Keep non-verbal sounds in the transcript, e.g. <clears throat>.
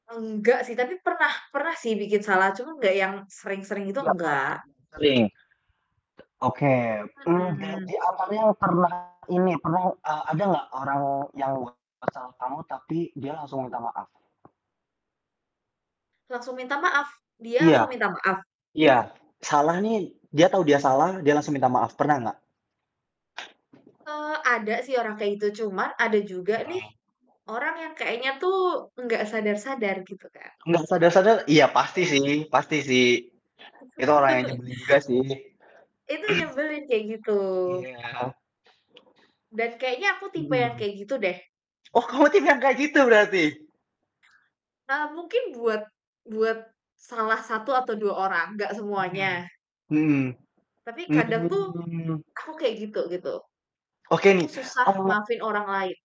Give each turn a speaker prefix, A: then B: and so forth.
A: Nggak sih, tapi pernah pernah sih bikin salah cuma nggak yang sering-sering gitu,
B: Itulah Kak
A: nggak.
B: sering, oke. Mmm,
A: Mhm.
B: jadi akarnya pernah ini pernah, eee, ada nggak orang yang we kesal kamu tapi dia langsung minta maaf?
A: Langsung minta maaf? Dia langsung
B: Iya,
A: minta maaf?
B: iya. Salahnya dia tahu dia salah, dia langsung minta maaf, pernah nggak?
A: Eee, ada sih orang kayak itu, cuma ada juga nih
B: Mhm.
A: orang yang kayaknya tuh nggak sadar-sadar gitu Kak.
B: Nggak sadar-sadar, iya
A: Itu
B: pasti
A: yang
B: sih pasti sih. Itu orang yang
A: <chuckles>
B: nyebelin juga sih. <clears throat>
A: Itu nyebelin kayak gitu.
B: Iya.
A: Dan kayaknya aku tipe yang
B: Mhm.
A: kayak gitu deh.
B: Oh kamu tim yang kayak gitu berarti?
A: Eee, mungkin buat buat salah satu atau 2 orang, nggak
B: Mhm,
A: semuanya.
B: mhm.
A: Tapi kadang tuh,
B: Mmm.
A: aku kayak gitu, gitu.
B: Oke
A: Aku
B: nih
A: susah
B: Oh.
A: maafin orang lain.